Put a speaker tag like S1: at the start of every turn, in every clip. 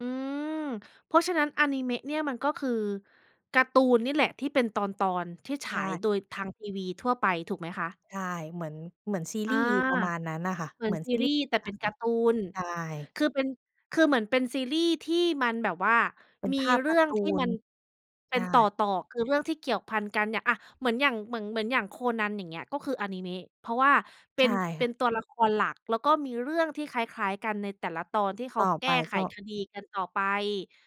S1: อืม เพราะฉะนั้นอานิเมะเนี่ย มันก็คือการ์ตูนนี่แหละ ที่เป็นตอน ๆ ที่ฉ
S2: ใช
S1: าย
S2: ่
S1: โดยทางทีวีทั่วไปถูกไหมคะ?
S2: ใช่ เหมือน เหมือนซี
S1: อ
S2: รี
S1: า
S2: ส์ประมาณนั้นน่ะค่ะ
S1: เหมื
S2: เห
S1: อ
S2: ม
S1: น
S2: ือน
S1: ซี
S2: ซี
S1: ร
S2: ร
S1: ี
S2: ีส
S1: ส
S2: ์
S1: ์ แต่
S2: หน
S1: เป
S2: ั
S1: ็น
S2: ง
S1: การ์ตูน
S2: ใช่
S1: คือเป็น คือเหมือนเป็นซีรีส์ที่มันแบบว่า
S2: เป็น
S1: มี
S2: ภาพ
S1: เร
S2: ก
S1: ื่
S2: าร
S1: อ
S2: ์
S1: ง
S2: ต
S1: ท
S2: ู
S1: ี่
S2: น
S1: มันเ
S2: ใ
S1: ป
S2: ช
S1: ็นต
S2: ่
S1: ่อ ๆ คือเรื่องที่เกี่ยวพันกันเนี่ย อะ เหมือนอย่าง เหมือง เหมือนอย่างโคนัน อย่างเงี้ย ก็คืออานิเมะ เพราะว่าเป
S2: ใ
S1: ็
S2: ช่
S1: น เ
S2: ค
S1: ป
S2: ่
S1: ็
S2: ะ
S1: นตัวละครหลัก แล้วก็มีเรื่องที่คล้าย ๆ กันในแต่ละตอน ที่เข
S2: ต
S1: า
S2: ่อ
S1: แก
S2: ไป
S1: ้ไข
S2: ก็
S1: คดีกันต่อไป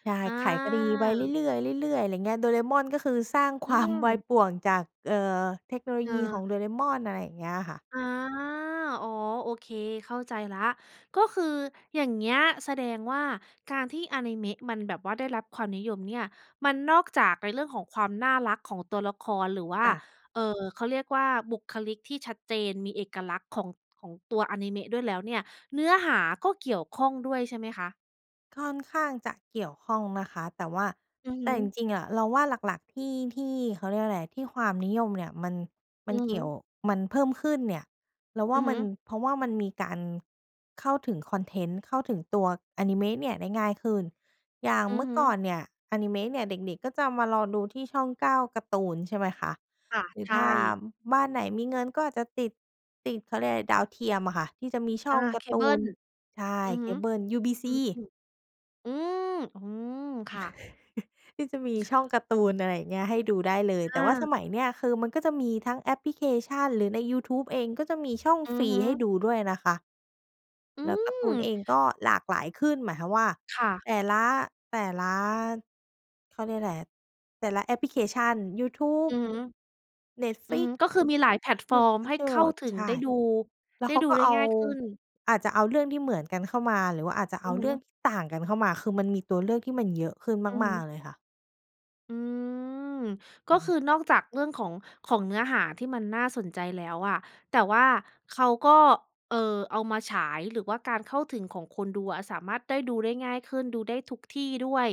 S2: ใช่
S1: อา
S2: ไขคดีไปเรื่อย ๆ เรื่อย ๆ อะไรอย่างเงี้ย Doraemon ก็คือสร้าง ค
S1: อื
S2: วาม วาย
S1: ม
S2: ป่วงจาก เอ่อ เทคโนโล
S1: เ
S2: ยีของ
S1: ออ
S2: Doraemon อะไรอย่างเงี้ยค่ะ
S1: อา อ๋อ โอเค เข้าใจแล้ว ก็คืออย่างเงี้ย แสดงว่าการที่อานิเมะมันแบบว่าได้รับความนิยมเนี่ย มันนอกจากในเรื่องของความน่ารักของตัวละคร หรือว่า
S2: ค่ะ
S1: เอ่อ เขาเรียกว่า บุคลิกที่ชัดเจน มีเอกลักษณ์ของ ของตัวอานิเมะด้วยแล้วเนี่ย เนื้อหาก็เกี่ยวข้องด้วยใช่ไหมคะ?
S2: ค่อนข้างจะเกี่ยวข้องนะคะ แต่ว่า
S1: อือฮ
S2: แต่จ
S1: ึ
S2: ริง ๆ อะ เราว่าหลัก ๆ ที่ ที่ เขาเรียกว่าอะไร ที่ความนิยมเนี่ยมัน ม
S1: อ
S2: ั
S1: ื
S2: น
S1: อ
S2: เก
S1: ฮ
S2: ี่ยว
S1: ึ
S2: มันเพิ่มขึ้นเนี่ย เราว่
S1: อื
S2: า
S1: อ
S2: ม
S1: ฮ
S2: ั
S1: ึ
S2: น เพราะว่ามันมีการเข้าถึงคอนเทนต์ เข้าถึงตัวอานิเมะเนี่ยได้ง่ายขึ้น อย่าง
S1: อื
S2: เม
S1: อ
S2: ื่อ
S1: ฮึ
S2: ก่อนเนี่ย อานิเมะเนี่ยเด็ก ๆ ก็จะมารอดูที่ช่อง 9 การ์ตูน ใช่ไหมคะ
S1: ค่ะ
S2: หรือ
S1: ใช
S2: ถ้า
S1: ่
S2: อ บ้านไหนมีเงินก็อาจจะติด ติด เขาเรียกอะไร ดาวเทียมอะค่ะ ที่จะมีช่
S1: อ
S2: อ
S1: า
S2: งก
S1: เ
S2: า
S1: ค
S2: ร์ต
S1: เบ
S2: ู
S1: ิ
S2: น
S1: ล
S2: ใช่
S1: อือ
S2: เค
S1: ฮึ
S2: เบิล UBC
S1: อือฮึ อืม อือ ค่ะ
S2: ที่จะมีช่องการ์ตูน อะไรอย่างเงี้ย ให้ดูได้เลย แต
S1: อ
S2: ่ว่า
S1: า
S2: สมัยเนี้ย คือมันก็จะมีทั้งแอปพลิเคชันหรือในยูทูบเอง ก็จะมีช่อง
S1: อื
S2: ฟ
S1: อ
S2: รี
S1: ฮึ
S2: ให้ดูด้วยนะคะ
S1: อื
S2: แล้วการ์ตู
S1: ม
S2: นเองก็หลากหลายขึ้น หมายความว่า
S1: ค่ะ
S2: แต่ละ แต่ละ เขาเรียกอะไร แต่ละแอปพลิเคชัน ยูทูบ
S1: อือฮึ อือฮ
S2: Netflix
S1: ึ ก็คือ มีหลายแพลตฟอร์มให้เข้าถึ
S2: ใ
S1: ง
S2: ช
S1: ได
S2: ่
S1: ้ดู
S2: แล้
S1: ได
S2: ว
S1: ้
S2: เขา
S1: ดู
S2: ก็
S1: ได้
S2: เอา
S1: ง่ายขึ้น
S2: อาจจะเอาเรื่องที่เหมือนกันเข้ามา หรือว่าอาจจะ
S1: อ
S2: เอ
S1: ื
S2: า
S1: อฮ
S2: เรื่อง
S1: ึ
S2: ต่างกันเข้ามา คือมันมีตัวเลือกที่มันเยอะขึ้น
S1: อือฮ
S2: มา
S1: ึ
S2: ก ๆ เลยค่ะ
S1: อืม ก
S2: อ
S1: ็
S2: ือฮ
S1: ค
S2: ึ
S1: ือนอกจากเรื่องของ ของเนื้อหา ที่มันน่าสนใจแล้วอะ แต่ว่าเขาก็ เอ่อ เอามาฉาย หรือว่าการเข้าถึงของคนดูอะสามารถได้ดูได้ง่ายขึ้น ดูได้ทุกที่ด้วย